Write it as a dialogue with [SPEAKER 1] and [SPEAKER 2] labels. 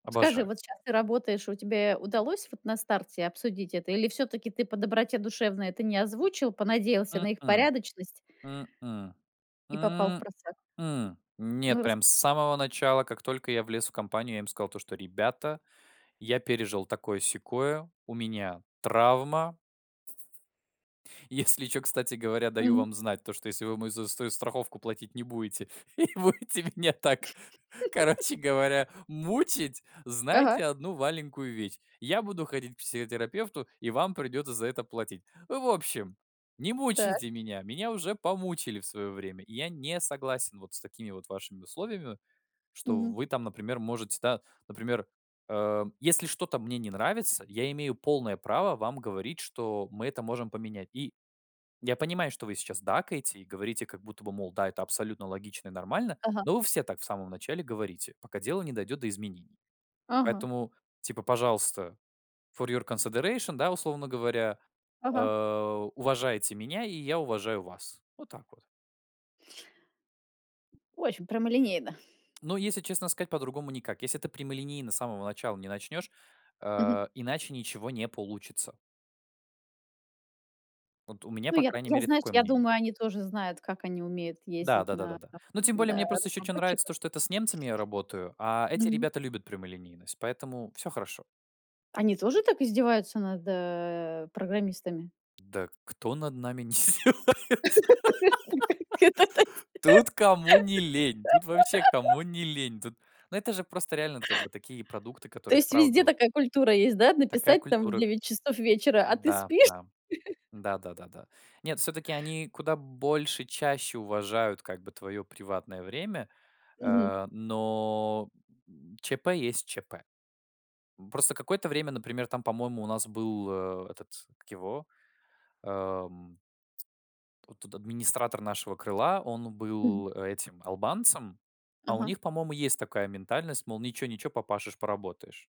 [SPEAKER 1] Скажи,
[SPEAKER 2] Обожаю.
[SPEAKER 1] вот щас ты работаешь, и у тебе удалось вот на старте обсудить это? Или всё-таки ты по доброте душевной это не озвучил, понадеялся на их
[SPEAKER 2] М-м.
[SPEAKER 1] порядочность
[SPEAKER 2] М-м.
[SPEAKER 1] и попал
[SPEAKER 2] М-м.
[SPEAKER 1] впросак?
[SPEAKER 2] Нет,
[SPEAKER 1] Ну, рас
[SPEAKER 2] прям с самого начала. Как только я влез в компанию, я им сказал то, что: "Ребята, я пережил такое-сякое, у меня травма". "Если чё, кстати говоря, даю
[SPEAKER 1] Мгм.
[SPEAKER 2] вам знать, то что если вы мою заю ст страховку платить не будете, и будете меня так, короче говоря, мучить,
[SPEAKER 1] Ага.
[SPEAKER 2] знайте 1 маленькую вещь: я буду ходить к психотерапевту, и вам придётся за это платить. В общем, не
[SPEAKER 1] Так.
[SPEAKER 2] мучайте меня. Меня уже помучили в своё время. И я не согласен вот с такими вот вашими условиями, что в
[SPEAKER 1] Мгм.
[SPEAKER 2] вы там, например, можете, да, например, эм, если что-то мне не нравится, я имею полное право вам говорить, что мы это можем поменять. И я понимаю, что вы сейчас дакаете и говорите как будто бы, мол, да, это абсолютно логично и нормально.
[SPEAKER 1] Ага.
[SPEAKER 2] Но вы все так в самом начале говорите, пока дело не дойдет до изменений.
[SPEAKER 1] Ага.
[SPEAKER 2] Поэтому, типа, пожалуйста, for your consideration, да, условно говоря, э,
[SPEAKER 1] Ага.
[SPEAKER 2] уважайте меня, и я уважаю вас". Вот так вот.
[SPEAKER 1] Очень прямолинейно.
[SPEAKER 2] Ну, если честно сказать, по-другому никак. Если ты прямолинейно с самого начала не начнёшь,
[SPEAKER 1] Мгм.
[SPEAKER 2] э, иначе ничего не получится. Вот у меня,
[SPEAKER 1] Ну,
[SPEAKER 2] по
[SPEAKER 1] я т
[SPEAKER 2] крайней
[SPEAKER 1] я,
[SPEAKER 2] мере,
[SPEAKER 1] знаешь,
[SPEAKER 2] такое
[SPEAKER 1] я
[SPEAKER 2] мнение.
[SPEAKER 1] думаю, они тоже знают, как они умеют
[SPEAKER 2] Да
[SPEAKER 1] ездить
[SPEAKER 2] да да да
[SPEAKER 1] на
[SPEAKER 2] да. Ну, тем более
[SPEAKER 1] да, на
[SPEAKER 2] мне просто ещё чё нравится- то,
[SPEAKER 1] разработчиках.
[SPEAKER 2] что это с немцами я работаю, а эти
[SPEAKER 1] Мгм.
[SPEAKER 2] ребята любят прямолинейность, поэтому всё хорошо.
[SPEAKER 1] Они тоже так издеваются над, э, программистами?
[SPEAKER 2] Да кто над нами не издевается? Тут кому не лень. Тут вообще кому
[SPEAKER 1] [unintelligible]
[SPEAKER 2] не лень. Тут, ну, это же просто реально, это как бы такие продукты,
[SPEAKER 1] То
[SPEAKER 2] которые
[SPEAKER 1] есть везде
[SPEAKER 2] вправду
[SPEAKER 1] такая культура есть, да,
[SPEAKER 2] Такая
[SPEAKER 1] написать там в
[SPEAKER 2] культура.
[SPEAKER 1] 9 часов вечера: "А ты
[SPEAKER 2] Да
[SPEAKER 1] спишь?"
[SPEAKER 2] да да да да да. Нет, всё-таки они куда больше, чаще уважают, как бы, твоё приватное время.
[SPEAKER 1] Мгм.
[SPEAKER 2] Э, но ЧП есть ЧП. Просто какое-то время, например, там, по-моему, у нас был, э, этот, как его, эм Вот тут администратор нашего крыла, он
[SPEAKER 1] Мгм.
[SPEAKER 2] был, а, этим албанцем. А у
[SPEAKER 1] Ага.
[SPEAKER 2] них, по-моему, есть такая ментальность, мол, ничего-ничего, попашешь, поработаешь.